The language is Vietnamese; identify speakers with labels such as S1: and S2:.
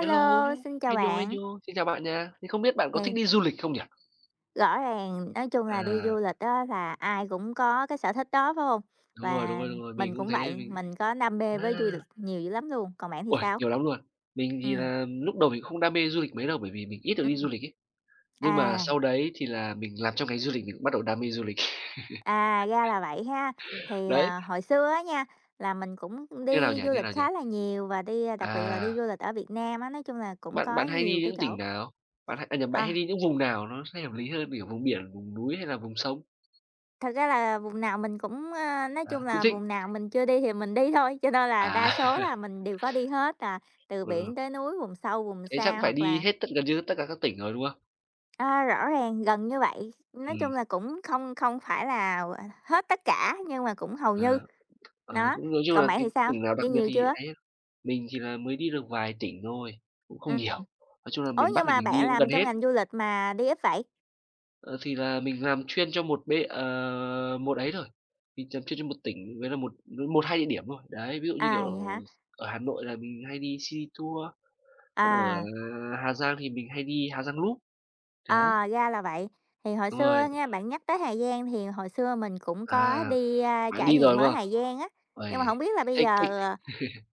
S1: Hello.
S2: xin chào
S1: Hê nhô, hê
S2: bạn.
S1: nhô. Xin chào bạn nha. Thì không biết bạn có thích
S2: Thì
S1: đi du lịch không nhỉ?
S2: Rõ ràng, nói chung là, đi
S1: À.
S2: du lịch á là ai cũng có cái sở thích đó, phải hông?
S1: Đúng rồi, đúng
S2: Và
S1: rồi, đúng rồi, mình
S2: mình
S1: cũng
S2: cũng
S1: thế,
S2: vậy,
S1: mình
S2: mình có đam mê với du lịch
S1: wow.
S2: nhiều dữ lắm luôn, còn bạn thì
S1: Uầy,
S2: sao?
S1: nhiều lắm luôn. Mình thì
S2: Ừm.
S1: là lúc đầu mình cũng không đam mê du lịch mấy đâu, bởi vì mình ít được đi
S2: Ừm.
S1: du lịch ấy. Nhưng mà
S2: À.
S1: sau đấy thì là mình làm trong ngành du lịch mình cũng bắt đầu đam mê du lịch.
S2: À, ra là vậy ha. Thì,
S1: Đấy.
S2: à, hồi xưa á nha, là mình cũng
S1: Như nào
S2: đi
S1: nhỉ,
S2: du
S1: như
S2: lịch
S1: nào nhỉ?
S2: khá là nhiều và đi đặc biệt là đi du
S1: À.
S2: lịch ở Việt Nam á, nói chung là cũng
S1: Bạn
S2: có
S1: bạn hay
S2: nhiều
S1: đi
S2: cái
S1: những
S2: chỗ
S1: tỉnh nào? Bạn à, nhầm, bạn
S2: Ờ.
S1: hay đi những vùng nào nó sẽ hợp lý hơn, kiểu, vùng biển, vùng núi hay là vùng sông?
S2: Thật ra là vùng nào mình cũng, a, nói chung
S1: À, cũng
S2: là,
S1: thích.
S2: vùng nào mình chưa đi thì mình đi thôi, cho nên là đa
S1: À.
S2: số là mình đều có đi hết là từ
S1: Ừ.
S2: biển tới núi, vùng sâu, vùng
S1: Thế chắc
S2: xa,
S1: cũng phải
S2: hoặc
S1: đi
S2: là
S1: hết tất gần như tất cả các tỉnh rồi, đúng không?
S2: À, rõ ràng, gần như vậy, nói chung
S1: Ừm.
S2: là, cũng không không phải là, gọi là, hết tất cả nhưng mà cũng hầu như.
S1: Ờ, ờ,
S2: Đó,
S1: cũng nói chung
S2: còn
S1: là
S2: bạn thì
S1: cái
S2: sao?
S1: tỉnh nào đặc
S2: Đi
S1: biệt
S2: nhiều
S1: thì
S2: chưa?
S1: ấy hơn, mình chỉ là mới đi được vài tỉnh thôi, cũng không nhiều.
S2: Ừm,
S1: Nói chung là
S2: ủa,
S1: miền Bắc
S2: nhưng
S1: thì
S2: mà
S1: mình đi
S2: bạn
S1: cũng
S2: làm
S1: gần
S2: trong
S1: hết.
S2: ngành du lịch mà đi ít vậy?
S1: Ờ, thì là mình làm chuyên cho một bên ờ, một ấy thôi. Mình làm chuyên cho một tỉnh với là một một, hai địa điểm thôi. Đấy, ví dụ như, kiểu,
S2: À, vậy hả?
S1: ở Hà Nội là mình hay đi Sea Tour, còn ở
S2: À.
S1: Hà Giang thì mình hay đi Hà Giang Loop. Đấy.
S2: Ờ, ra là vậy. Thì hồi
S1: Đúng
S2: xưa
S1: rồi.
S2: nha, bạn nhắc tới Hà Giang thì hồi xưa mình cũng có
S1: À,
S2: đi, ơ,
S1: bạn
S2: trải
S1: đi rồi,
S2: nghiệm
S1: đúng
S2: ở
S1: không?
S2: Hà Giang á, nhưng mà hổng
S1: Uầy,
S2: biết là bây
S1: thích,
S2: giờ,
S1: thích.
S2: ờ